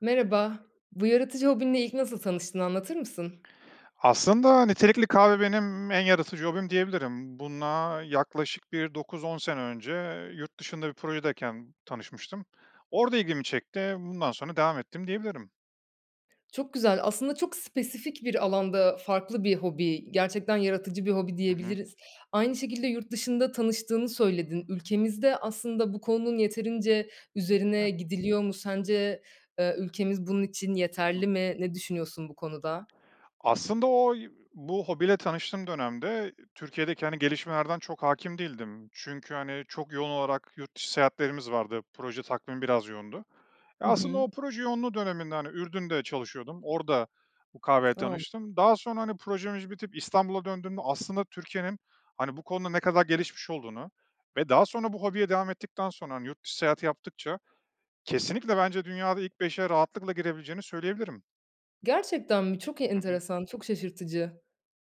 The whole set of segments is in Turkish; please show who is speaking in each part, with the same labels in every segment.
Speaker 1: Merhaba, bu yaratıcı hobinle ilk nasıl tanıştın, anlatır mısın?
Speaker 2: Aslında nitelikli kahve benim en yaratıcı hobim diyebilirim. Buna yaklaşık bir 9-10 sene önce yurt dışında bir projedeyken tanışmıştım. Orada ilgimi çekti, bundan sonra devam ettim diyebilirim.
Speaker 1: Çok güzel. Aslında çok spesifik bir alanda farklı bir hobi, gerçekten yaratıcı bir hobi
Speaker 2: Hı hı.
Speaker 1: diyebiliriz. Aynı şekilde yurt dışında tanıştığını söyledin. Ülkemizde aslında bu konunun yeterince üzerine
Speaker 2: Evet.
Speaker 1: gidiliyor mu sence, eee, ülkemiz bunun için
Speaker 2: Hı.
Speaker 1: yeterli mi? Ne düşünüyorsun bu konuda?
Speaker 2: Aslında oy bu hobiyle tanıştığım dönemde Türkiye'deki, hani, gelişmelerden çok hâkim değildim. Çünkü, hani, çok yoğun olarak yurt dışı seyahatlerimiz vardı. Proje takvimi biraz yoğundu. Eee,
Speaker 1: Hı
Speaker 2: aslında
Speaker 1: hı.
Speaker 2: o proje yoğunluğu döneminde, hani, Ürdün'de çalışıyordum, orada bu kahveyle
Speaker 1: Anladım.
Speaker 2: tanıştım. Daha sonra, hani, projemiz bitip İstanbul'a döndüğümde aslında Türkiye'nin, hani, bu konuda ne kadar gelişmiş olduğunu ve daha sonra bu hobiye devam ettikten sonra, hani, yurt dışı seyahat yaptıkça kesinlikle bence dünyada ilk 5'e rahatlıkla girebileceğini söyleyebilirim.
Speaker 1: Gerçekten mi? Çok
Speaker 2: Hı hı.
Speaker 1: enteresan, çok şaşırtıcı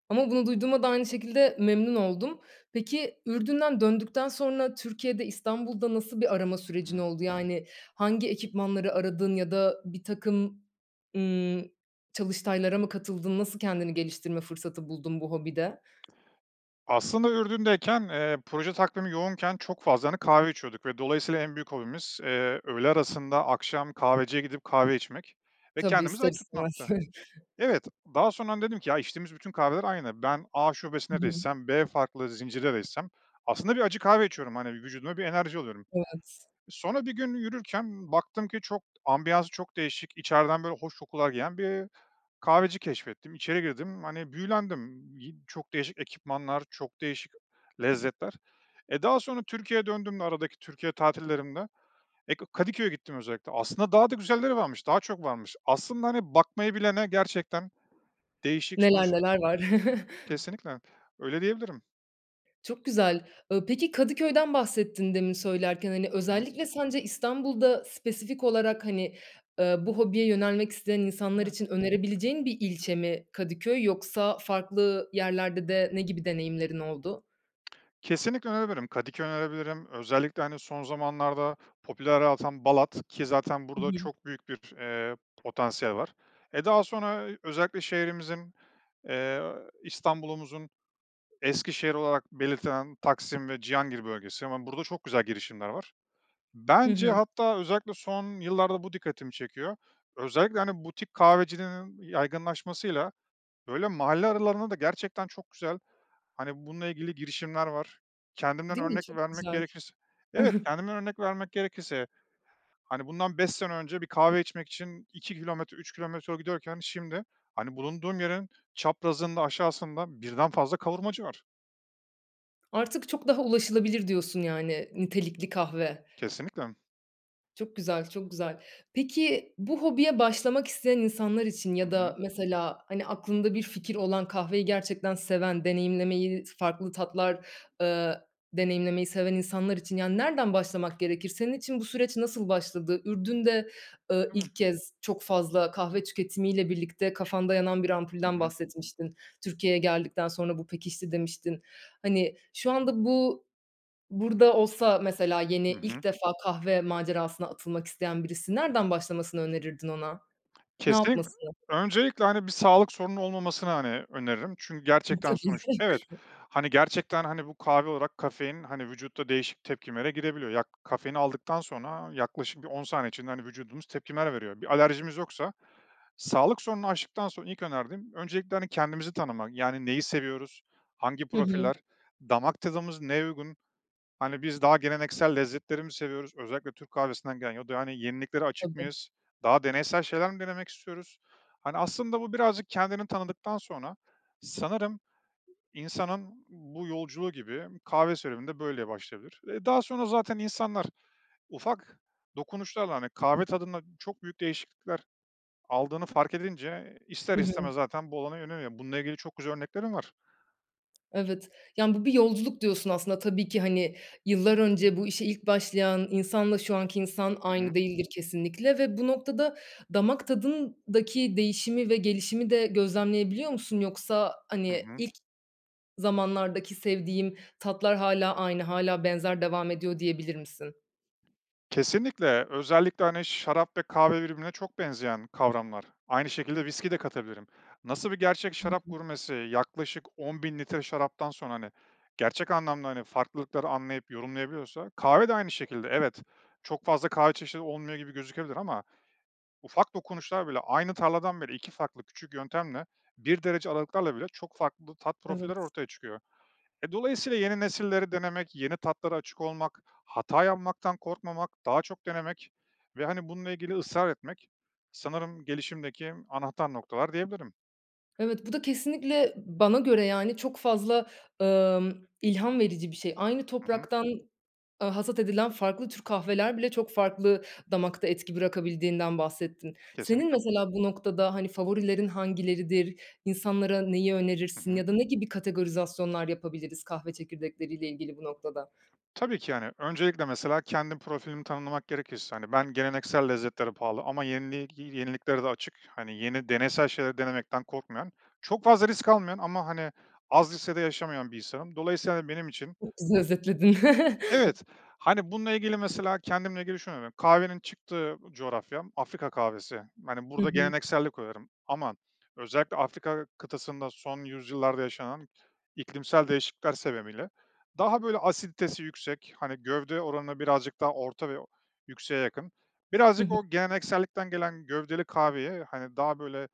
Speaker 1: ama bunu duyduğuma da aynı şekilde memnun oldum. Peki, Ürdün'den döndükten sonra Türkiye'de, İstanbul'da nasıl bir arama sürecin
Speaker 2: Hı.
Speaker 1: oldu? Yani, hangi ekipmanları aradın ya da birtakım, ımm, çalıştaylara mı katıldın? Nasıl kendini geliştirme fırsatı buldun bu hobide?
Speaker 2: Aslında, Ürdün'deyken, eee, proje takvimi yoğunken çok fazla, hani, kahve içiyorduk ve dolayısıyla en büyük hobimiz, eee, öğle arasında, akşam kahveciye gidip kahve içmek ve
Speaker 1: Tabii,
Speaker 2: kendimizi
Speaker 1: ister
Speaker 2: ayık
Speaker 1: istemez.
Speaker 2: tutmaktı. Evet, daha sonra, hani, dedim ki, ya, içtiğimiz bütün kahveler aynı, ben A
Speaker 1: Hı
Speaker 2: şubesinde de
Speaker 1: hı.
Speaker 2: içsem B farklı zincire de gitsem aslında bir acı kahve içiyorum, hani, vücuduma bir enerji alıyorum.
Speaker 1: Evet.
Speaker 2: Sonra, bir gün yürürken baktım ki çok, ambiyansı çok değişik, içeriden, böyle, hoş kokular gelen bir kahveci keşfettim, içeri girdim, hani, büyülendim, yi çok değişik ekipmanlar, çok değişik lezzetler. E, daha sonra Türkiye'ye döndüğüm, aradaki Türkiye tatillerimde, eee, K Kadıköy'e gittim özellikle, aslında daha da güzelleri varmış, daha çok varmış. Aslında, hani, bakmayı bilene gerçekten değişik
Speaker 1: Neler
Speaker 2: sonuçla
Speaker 1: neler var.
Speaker 2: Kesinlikle, öyle diyebilirim.
Speaker 1: Çok güzel. Iıı, peki, Kadıköy'den bahsettin demin söylerken, hani,
Speaker 2: Hı hı.
Speaker 1: özellikle sence İstanbul'da spesifik olarak, hani, eee, bu hobiye yönelmek isteyen insanlar
Speaker 2: Evet.
Speaker 1: için önerebileceğin bir ilçe mi Kadıköy yoksa farklı yerlerde de ne gibi deneyimlerin oldu?
Speaker 2: Kesinlikle önerebilirim. Kadıköy önerebilirim, özellikle, hani, son zamanlarda popülerliği artan Balat ki zaten
Speaker 1: Hı
Speaker 2: burada
Speaker 1: hı.
Speaker 2: çok büyük bir, eee, potansiyel var. Eee, daha sonra özellikle şehrimizin, eee, İstanbul'umuzun eski şehri olarak belirtilen Taksim ve Cihangir bölgesi, hemen burada çok güzel girişimler var.
Speaker 1: Hı
Speaker 2: Bence,
Speaker 1: hı.
Speaker 2: hatta, özellikle son yıllarda bu dikkatimi çekiyor, özellikle, hani, butik kahvecilerin yaygınlaşmasıyla böyle mahalle aralarında da gerçekten çok güzel, hani, bununla ilgili girişimler var. Kendimden
Speaker 1: Değil mi?
Speaker 2: örnek
Speaker 1: Çok
Speaker 2: vermek
Speaker 1: güzel.
Speaker 2: gerekirse, evet, kendimden örnek vermek gerekirse, hani, bundan 5 sene önce bir kahve içmek için 2 kilometre, 3 kilometre yol gidiyorken şimdi, hani, bulunduğum yerin çaprazında, aşağısında 1'den fazla kavurmacı var.
Speaker 1: "Artık çok daha ulaşılabilir." diyorsun, yani, nitelikli kahve.
Speaker 2: Kesinlikle.
Speaker 1: Çok güzel, çok güzel. Peki, bu hobiye başlamak isteyen insanlar için
Speaker 2: Hı
Speaker 1: ya
Speaker 2: hı.
Speaker 1: da mesela, hani, aklında bir fikir olan, kahveyi gerçekten seven, deneyimlemeyi, farklı tatlar, eee, deneyimlemeyi seven insanlar için, yani, nereden başlamak gerekir? Senin için bu süreç nasıl başladı? Ürdün'de, eee,
Speaker 2: Evet.
Speaker 1: ilk kez çok fazla kahve tüketimiyle birlikte kafanda yanan bir
Speaker 2: Hı
Speaker 1: ampulden
Speaker 2: hı.
Speaker 1: bahsetmiştin. "Türkiye'ye geldikten sonra bu pekişti." demiştin. Hani, şu anda bu, burada olsa mesela yeni,
Speaker 2: Hı hı.
Speaker 1: ilk defa kahve macerasına atılmak isteyen birisi nereden başlamasını önerirdin ona? Ne
Speaker 2: Kesinlik
Speaker 1: yapması?
Speaker 2: Öncelikle, hani, bir sağlık sorunun olmamasını, hani, öneririm çünkü
Speaker 1: Iıı,
Speaker 2: gerçekten
Speaker 1: tabii.
Speaker 2: sonuç evet, hani, gerçekten, hani, bu kahve olarak kafein, hani, vücutta değişik tepkimelere girebiliyor. Ya, ka kafeini aldıktan sonra yaklaşık bir 10 saniye içinde, hani, vücudumuz tepkimeler veriyor. Bir alerjimiz yoksa sağlık sorununu aştıktan sonra ilk önerdiğim öncelikle, hani, kendimizi tanımak, yani, neyi seviyoruz, hangi
Speaker 1: Hı hı.
Speaker 2: profiller? Damak tadımız neye uygun? Hani, biz daha geleneksel lezzetleri mi seviyoruz özellikle Türk kahvesinden gelen ya da yeniliklere açık
Speaker 1: Tabii.
Speaker 2: mıyız? Daha deneysel şeyler mi denemek istiyoruz? Hani, aslında, bu birazcık kendini tanıdıktan sonra, sanırım, insanın bu yolculuğu gibi kahve serüveni de böyle başlayabilir. Eee, daha sonra zaten insanlar ufak dokunuşlarla, hani, kahve tadında çok büyük değişiklikler aldığını fark edince ister
Speaker 1: Hı hı.
Speaker 2: istemez zaten bu alana yöneliyor, bununla ilgili çok güzel örneklerim var.
Speaker 1: Evet. Yani, bu bir yolculuk diyorsun aslında tabii ki, hani, yıllar önce bu işe ilk başlayan insanla şu anki insan
Speaker 2: I
Speaker 1: aynı
Speaker 2: hı.
Speaker 1: değildir kesinlikle ve bu noktada damak tadındaki değişimi ve gelişimi de gözlemleyebiliyor musun yoksa,
Speaker 2: Hı
Speaker 1: hani,
Speaker 2: hı.
Speaker 1: "İlk zamanlardaki sevdiğim tatlar hâlâ aynı, hâlâ benzer devam ediyor." diyebilir misin?
Speaker 2: Kesinlikle. Özellikle, hani, şarap ve kahve birbirine çok benzeyen kavramlar. Aynı şekilde viskiyi de katabilirim. Nasıl bir gerçek
Speaker 1: Hı
Speaker 2: şarap
Speaker 1: hı.
Speaker 2: gurmesi yaklaşık 10.000 litre şaraptan sonra, hani, gerçek anlamda, hani, farklılıkları anlayıp yorumlayabiliyorsa, kahve de aynı şekilde. Evet, çok fazla kahve çeşidi olmuyor gibi gözükebilir ama ufak dokunuşlar bile Aynı tarladan bile 2 farklı küçük yöntemle, 1 derece aralıklarla bile çok farklı tat profilleri
Speaker 1: Evet.
Speaker 2: ortaya çıkıyor. E, dolayısıyla yeni nesilleri denemek, yeni tatlara açık olmak, hata yapmaktan korkmamak, daha çok denemek ve, hani, bununla ilgili ısrar etmek sanırım gelişimdeki anahtar noktalar diyebilirim.
Speaker 1: Evet. Bu da kesinlikle bana göre, yani, çok fazla, ımm, ilham verici bir şey. Aynı
Speaker 2: Hı hı.
Speaker 1: topraktan, aaa, hasat edilen farklı tür kahveler bile çok farklı damakta etki bırakabildiğinden bahsettin. Senin
Speaker 2: Kesinlikle.
Speaker 1: mesela bu noktada, hani, favorilerin hangileridir, insanlara neyi
Speaker 2: Hı
Speaker 1: önerirsin
Speaker 2: hı.
Speaker 1: ya da ne gibi kategorizasyonlar yapabiliriz kahve çekirdekleriyle ilgili bu noktada?
Speaker 2: Tabii ki, yani, öncelikle mesela kendim profilimi tanımlamak gerekirse, hani, ben geleneksel lezzetlere pahalı ama yenili gi yeniliklere de açık, hani, yeni, deneysel şeyleri denemekten korkmayan, çok fazla risk almayan ama, hani, az riskle de yaşamayan bir insanım. Dolayısıyla, hani, benim için
Speaker 1: Çok güzel özetledin.
Speaker 2: Evet. Hani, bununla ilgili mesela kendimle ilgili şunu [unintelligible] Kahvenin çıktığı coğrafyam Afrika kahvesi. Hani,
Speaker 1: Hı
Speaker 2: burada
Speaker 1: hı.
Speaker 2: gelenekseli koyarım ama özellikle Afrika kıtasında son yüzyıllarda yaşanan iklimsel değişiklikler sebebiyle daha, böyle, asiditesi yüksek, hani, gövde oranına birazcık daha orta ve o yükseğe yakın,
Speaker 1: Hı
Speaker 2: birazcık
Speaker 1: hı.
Speaker 2: o geleneksellikten gelen gövdeli kahveye, hani, daha, böyle,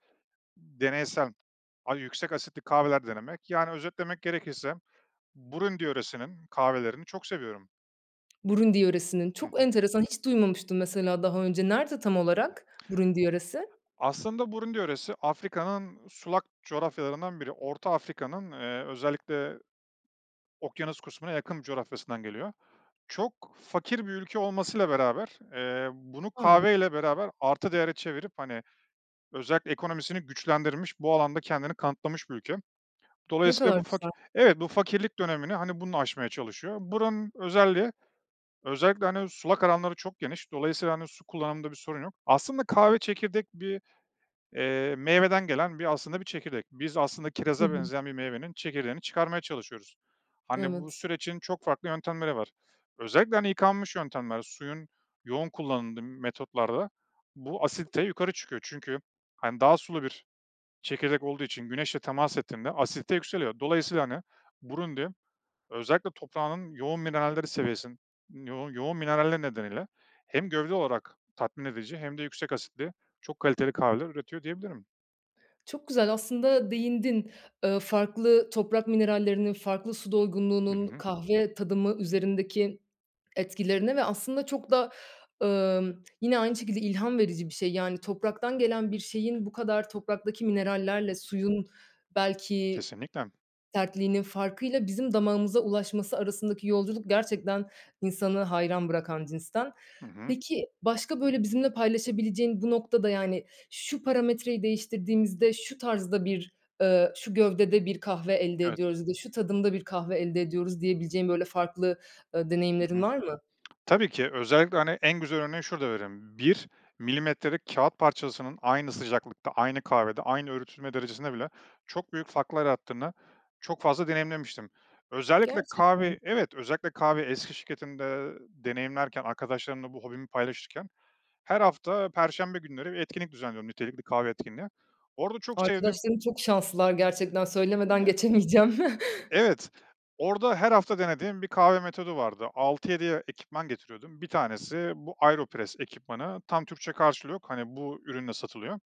Speaker 2: deneysel a yüksek asitli kahveler denemek, yani, özetlemek gerekirse, Burundi yöresinin kahvelerini çok seviyorum.
Speaker 1: Burundi yöresinin.
Speaker 2: Hı
Speaker 1: Çok
Speaker 2: hı.
Speaker 1: enteresan, hiç duymamıştım mesela daha önce. Nerede tam olarak Burundi yöresi?
Speaker 2: Aslında Burundi yöresi Afrika'nın sulak coğrafyalarından biri. Orta Afrika'nın, eee, özellikle okyanus kısmına yakın bir coğrafyasından geliyor. Çok fakir bir ülke olmasıyla beraber, eee, bunu
Speaker 1: A.
Speaker 2: kahve ile beraber artı değere çevirip, hani, özellikle ekonomisini güçlendirilmiş, bu alanda kendini kanıtlamış bir ülke.
Speaker 1: Ne
Speaker 2: Dolayısıyla,
Speaker 1: kadar
Speaker 2: bu faki
Speaker 1: güzel.
Speaker 2: evet, bu fakirlik dönemini, hani, bununla aşmaya çalışıyor. Buranın özelliği, özellikle, hani, sulak alanları çok geniş, dolayısıyla, hani, su kullanımında bir sorun yok. Aslında kahve çekirdek, bir, iii, meyveden gelen, bir, aslında, bir çekirdek. Biz aslında
Speaker 1: Hı
Speaker 2: kiraza
Speaker 1: hı.
Speaker 2: benzeyen bir meyvenin çekirdeğini çıkarmaya çalışıyoruz. Hani, bu
Speaker 1: Evet.
Speaker 2: sürecin çok farklı yöntemleri var. Özellikle, hani, yıkanmış yöntemler, suyun yoğun kullanıldığı metotlarda bu asidite yukarı çıkıyor çünkü, hani, daha sulu bir çekirdek olduğu için güneşle temas ettiğinde asidite yükseliyor, dolayısıyla, hani, Burundi, özellikle toprağının yoğun mineralleri seviyesi yo yoğun mineralleri nedeniyle hem gövde olarak tatmin edici hem de yüksek asitli çok kaliteli kahveler üretiyor diyebilirim.
Speaker 1: Çok güzel, aslında, değindin, eee, farklı toprak minerallerinin, farklı su
Speaker 2: Hı
Speaker 1: doygunluğunun
Speaker 2: hı.
Speaker 1: kahve tadımı üzerindeki etkilerine ve, aslında, çok da, ımm, yine aynı şekilde ilham verici bir şey. Yani, topraktan gelen bir şeyin bu kadar topraktaki minerallerle suyun, belki,
Speaker 2: Kesinlikle.
Speaker 1: sertliğinin farkıyla bizim damağımıza ulaşması arasındaki yolculuk gerçekten insanı hayran bırakan cinsten.
Speaker 2: Hı hı.
Speaker 1: Peki, başka, böyle, bizimle paylaşabileceğin bu noktada, yani, "Şu parametreyi değiştirdiğimizde şu tarzda bir, eee, şu gövdede bir kahve elde
Speaker 2: Evet.
Speaker 1: ediyoruz ya da şu tadımda bir kahve elde ediyoruz." diyebileceğin, böyle, farklı, ııı,
Speaker 2: Hı
Speaker 1: deneyimlerin
Speaker 2: hı.
Speaker 1: var mı?
Speaker 2: Tabii ki özellikle, hani, en güzel örneğini şurada verelim. 1 milimetrelik kâğıt parçasının aynı sıcaklıkta, aynı kahvede, aynı öğütülme derecesinde bile çok büyük farklar yarattığını çok fazla deneyimlemiştim. Özellikle kahve
Speaker 1: Gerçekten?
Speaker 2: Evet. Özellikle kahve eski şirketimde, eee, deneyimlerken, arkadaşlarımla bu hobimi paylaşırken her hafta perşembe günleri bir etkinlik düzenliyordum, nitelikli kahve etkinliği. Orada çok sevdiğim
Speaker 1: Arkadaşların çok şanslılar gerçekten, söylemeden geçemeyeceğim.
Speaker 2: Evet, orada her hafta denediğim bir kahve metodu vardı. 6-7 ya ekipman getiriyordum. 1 tanesi bu AeroPress ekipmanı. Tam Türkçe karşılığı yok, hani, bu ürünle satılıyor.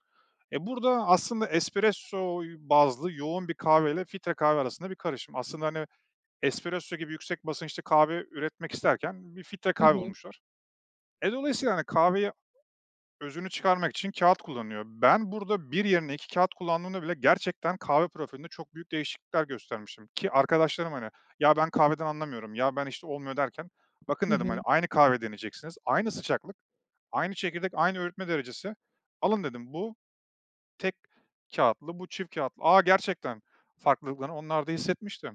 Speaker 2: Eee, burada, aslında, espresso y bazlı yoğun bir kahveyle filtre kahve arasında bir karışım. Aslında, hani, espresso gibi yüksek basınçlı kahve üretmek isterken bir filtre
Speaker 1: Hı
Speaker 2: kahve
Speaker 1: hı.
Speaker 2: bulmuşlar. E, dolayısıyla, hani, kahveyi özünü çıkarmak için kâğıt kullanılıyor. Ben burada 1 yerine 2 kâğıt kullandığımda bile gerçekten kahve profilinde çok büyük değişiklikler göstermiştim ki arkadaşlarım, hani, "Ya, ben kahveden anlamıyorum. Ya, ben, işte, olmuyor." derken, "Bakın."
Speaker 1: Hı
Speaker 2: dedim, hani,
Speaker 1: hı.
Speaker 2: "Aynı kahveyi deneyeceksiniz. Aynı sıcaklık, aynı çekirdek, aynı öğütme derecesi. Alın." dedim, "Bu tek kâğıtlı, bu çift kâğıtlı." "Aaa, gerçekten." Farklılıklarını onlar da hissetmişti.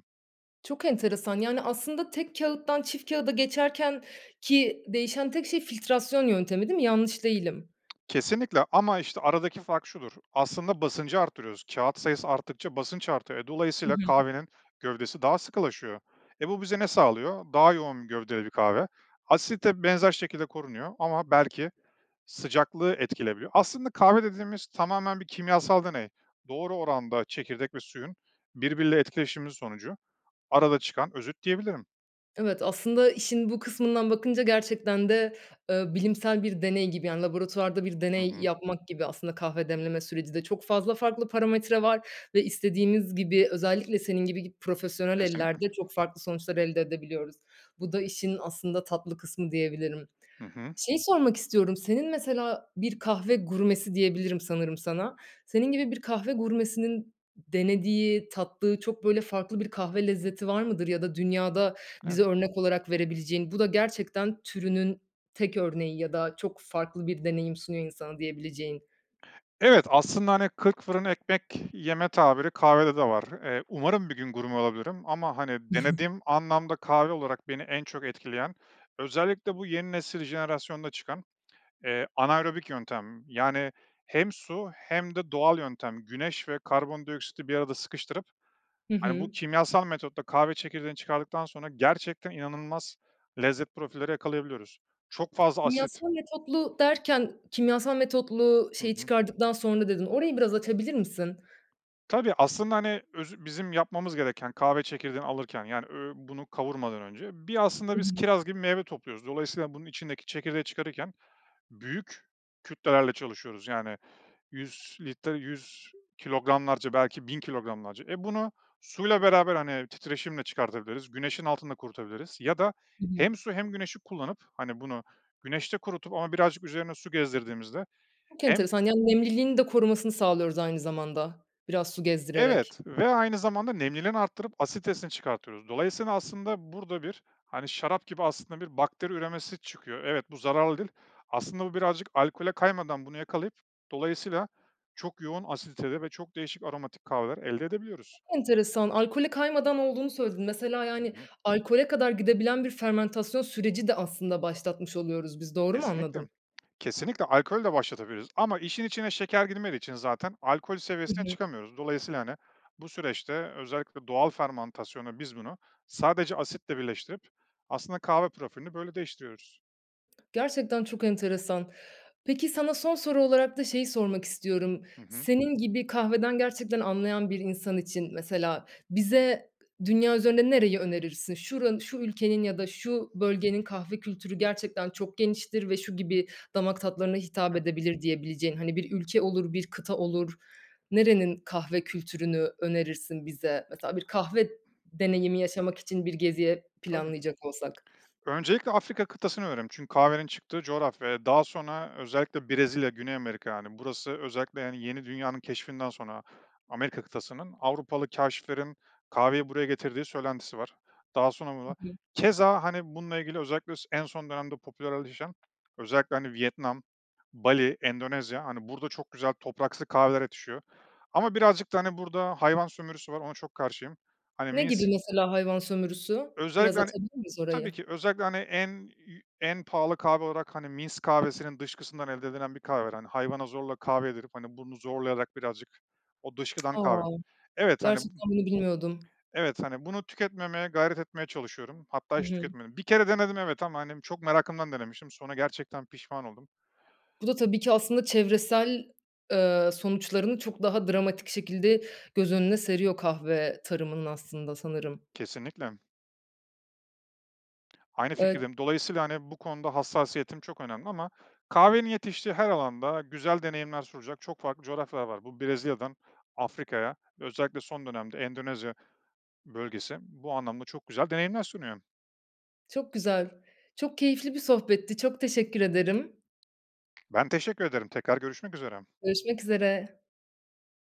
Speaker 1: Çok enteresan, yani, aslında tek kağıttan çift kâğıda geçerkenki değişen tek şey filtrasyon yöntemi değil mi, yanlış değilim.
Speaker 2: Kesinlikle ama, işte, aradaki fark şudur; aslında basıncı arttırıyoruz, kâğıt sayısı arttıkça basınç artıyor. E,
Speaker 1: Hı
Speaker 2: dolayısıyla
Speaker 1: hı.
Speaker 2: kahvenin gövdesi daha sıkılaşıyor. E, bu bize ne sağlıyor? Daha yoğun bir gövdede bir kahve. Asidite benzer şekilde korunuyor ama belki sıcaklığı etkileyebiliyor. Aslında kahve dediğimiz tamamen bir kimyasal deney. Doğru oranda çekirdek ve suyun birbiriyle etkileşimi sonucu arada çıkan özüt diyebilirim.
Speaker 1: Evet, aslında işin bu kısmından bakınca gerçekten de, eee, bilimsel bir deney gibi, yani, laboratuvarda bir
Speaker 2: Hı
Speaker 1: deney
Speaker 2: hı.
Speaker 1: yapmak gibi aslında kahve demleme süreci de. Çok fazla farklı parametre var ve istediğimiz gibi, özellikle senin gibi gi profesyonel
Speaker 2: Kesinlikle.
Speaker 1: ellerde çok farklı sonuçlar elde edebiliyoruz. Bu da işin aslında tatlı kısmı diyebilirim.
Speaker 2: Hı hı.
Speaker 1: Şeyi sormak istiyorum, senin mesela bir kahve gurmesi diyebilirim sanırım sana. Senin gibi bir kahve gurmesinin denediği, tattığı çok böyle farklı bir kahve lezzeti var mıdır ya da dünyada
Speaker 2: Eve
Speaker 1: bize örnek olarak verebileceğin? Bu da gerçekten türünün tek örneği ya da çok farklı bir deneyim sunuyor insana diyebileceğin.
Speaker 2: Evet, aslında hani, kırk fırın ekmek yeme tabiri kahvede de var. Eee, umarım bir gün gurme olabilirim ama hani denediğim anlamda kahve olarak beni en çok etkileyen, özellikle bu yeni nesil, jenerasyonda çıkan, eee, anaerobik yöntem yani hem su hem de doğal yöntem, güneş ve karbondioksiti bir arada sıkıştırıp,
Speaker 1: Hı
Speaker 2: hani, bu
Speaker 1: hı.
Speaker 2: kimyasal metotta kahve çekirdeğini çıkardıktan sonra gerçekten inanılmaz lezzet profilleri yakalayabiliyoruz. Çok fazla asit
Speaker 1: Kimyasal metotlu derken, "kimyasal metotlu
Speaker 2: Hı
Speaker 1: şeyi
Speaker 2: hı.
Speaker 1: çıkardıktan sonra" dedin orayı biraz açabilir misin?
Speaker 2: Tabii, aslında, hani, özü bizim yapmamız gereken kahve çekirdeğini alırken, yani ö bunu kavurmadan önce, bir,
Speaker 1: Hı
Speaker 2: aslında, biz
Speaker 1: hı.
Speaker 2: kiraz gibi meyve topluyoruz. Dolayısıyla bunun içindeki çekirdeği çıkarırken büyük kütlelerle çalışıyoruz yani 100 litre, 100 kilogramlarca belki 1000 kilogramlarca. Eee, bunu suyla beraber, hani, titreşimle çıkartabiliriz, güneşin altında kurutabiliriz ya da
Speaker 1: Hı hı.
Speaker 2: hem su hem güneşi kullanıp, hani bunu güneşte kurutup ama birazcık üzerine su gezdirdiğimizde
Speaker 1: Çok
Speaker 2: hem
Speaker 1: enteresan, yani, nemliliğini de korumasını sağlıyoruz, aynı zamanda, biraz su gezdirerek.
Speaker 2: Evet ve aynı zamanda nemliliğini arttırıp asiditesini çıkartıyoruz. Dolayısıyla, aslında, burada bir, hani, şarap gibi, aslında, bir bakteri üremesi çıkıyor. Evet, bu zararlı değil. Aslında, bu birazcık alkole kaymadan bunu yakalayıp, dolayısıyla çok yoğun asiditede ve çok değişik aromatik kahveler elde edebiliyoruz.
Speaker 1: Enteresan. Alkole kaymadan olduğunu söyledin. Mesela,
Speaker 2: Hı
Speaker 1: yani,
Speaker 2: hı.
Speaker 1: alkole kadar gidebilen bir fermantasyon süreci de aslında başlatmış oluyoruz biz. Doğru mu
Speaker 2: Kesinlikle.
Speaker 1: anladım?
Speaker 2: Kesinlikle, alkolü de başlatabiliriz ama işin içine şeker girmediği için zaten alkol
Speaker 1: Hı
Speaker 2: seviyesine
Speaker 1: hı.
Speaker 2: çıkamıyoruz. Dolayısıyla, hani, bu süreçte özellikle doğal fermantasyonla biz bunu sadece asitle birleştirip aslında kahve profilini böyle değiştiriyoruz.
Speaker 1: Gerçekten çok enteresan. Peki, sana son soru olarak da şeyi sormak istiyorum.
Speaker 2: Hı hı.
Speaker 1: Senin gibi kahveden gerçekten anlayan bir insan için, mesela, bize dünya üzerinde nereyi önerirsin? Şura şu ülkenin ya da şu bölgenin kahve kültürü gerçekten çok geniştir ve şu gibi damak tatlarına hitap
Speaker 2: [unintelligible]
Speaker 1: edebilir diyebileceğin, hani, bir ülke olur, bir kıta olur, nerenin kahve kültürünü önerirsin bize? Mesela, bir kahve deneyimi yaşamak için bir geziye
Speaker 2: Tabii.
Speaker 1: planlayacak olsak.
Speaker 2: Öncelikle, Afrika kıtasını öneririm. Çünkü kahvenin çıktığı coğrafya ve daha sonra özellikle Brezilya, Güney Amerika, yani, burası özellikle, yani, Yeni Dünya'nın keşfinden sonra Amerika kıtasının, Avrupalı kâşiflerin kahveyi buraya getirdiği söylentisi var. Daha sonra burda
Speaker 1: Hı hı.
Speaker 2: keza hani, bununla ilgili özellikle s en son dönemde popülerleşen, özellikle, hani, Vietnam, Bali, Endonezya, hani, burada çok güzel topraksı kahveler yetişiyor ama birazcık da, hani, burada hayvan sömürüsü var, ona çok karşıyım. Hani,
Speaker 1: Ne gibi,
Speaker 2: misk
Speaker 1: mesela, hayvan sömürüsü? Biraz
Speaker 2: Özellikle, hani,
Speaker 1: açabilir miyiz
Speaker 2: tabii
Speaker 1: orayı?
Speaker 2: ki özellikle, hani, en, iii, en pahalı kahve olarak, hani, misk kahvesinin dışkısından elde edilen bir kahve var. Hani, hayvana zorla kahve yedirip, hani, bunu zorlayarak, birazcık o dışkıdan kahve
Speaker 1: A!
Speaker 2: evet, hani, b
Speaker 1: Gerçekten, bunu bilmiyordum.
Speaker 2: evet, hani, bunu tüketmemeye gayret etmeye çalışıyorum, hatta
Speaker 1: Hı
Speaker 2: hiç
Speaker 1: hı.
Speaker 2: tüketmedim. Bir kere denedim, evet, ama, hani, çok merakımdan denemiştim, sonra gerçekten pişman oldum.
Speaker 1: Bu da, tabii ki, aslında çevresel, eee, sonuçlarını çok daha dramatik şekilde göz önüne seriyor, kahve tarımının aslında, sanırım.
Speaker 2: Kesinlikle. Aynı
Speaker 1: Evet.
Speaker 2: fikirdeyim, dolayısıyla, hani, bu konuda hassasiyetim çok önemli ama kahvenin yetiştiği her alanda güzel deneyimler sunacak çok farklı coğrafyalar var. Bu, Brezilya'dan Afrika'ya, özellikle son dönemde Endonezya bölgesi, bu anlamda çok güzel deneyimler sunuyor.
Speaker 1: Çok güzel, çok keyifli bir sohbetti. Çok teşekkür ederim.
Speaker 2: Ben teşekkür ederim, tekrar görüşmek üzere.
Speaker 1: Görüşmek üzere.